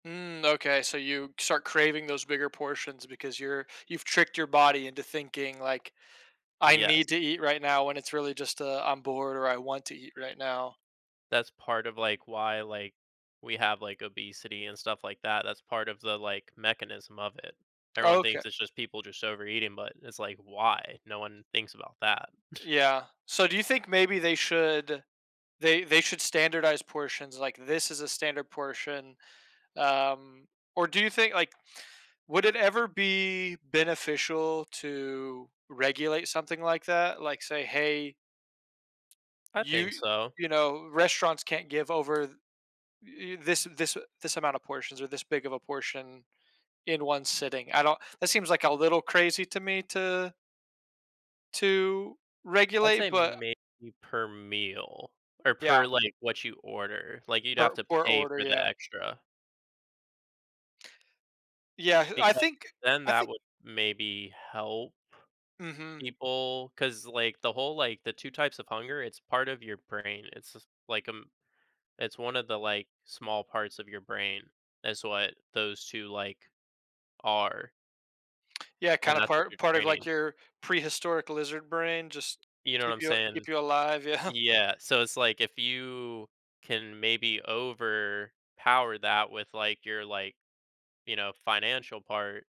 Mm, okay, so you start craving those bigger portions because you're you've tricked your body into thinking, like, "I Yes. need to eat right now," when it's really just a, "I'm bored," or "I want to eat right now." That's part of, like, why, like, we have, like, obesity and stuff like that. That's part of the, like, mechanism of it. Everyone Okay. thinks it's just people just overeating, but it's like, "Why?" No one thinks about that. Yeah, so do you think maybe they should they they should standardize portions, like, "This is a standard portion." Um, or do you think like, would it ever be beneficial to regulate something like that? Like, say, "Hey, I you" think so. you know, "Restaurants can't give over th y this this a this amount of portions or this big of a portion in 1 sitting." I don't that seems like a little crazy to me to to I'd say regulate, but maybe per meal or per, Yeah. like, what you order. Like, you'd have Per to per pay order, for the yeah. extra Yeah, I because think then I that thin would maybe help Mhm. people. 'Cause, like, the whole, like the 2 types of hunger, it's part of your brain. It's just like, um it's one of the, like, small parts of your brain, is what those 2, like, are Yeah, and kinda that's what you're part part of, training. like, your prehistoric lizard brain. Just You know what keep I'm you saying? keep you alive, yeah. Yeah, so it's like, if you can maybe overpower that with, like, your, like, you know, financial part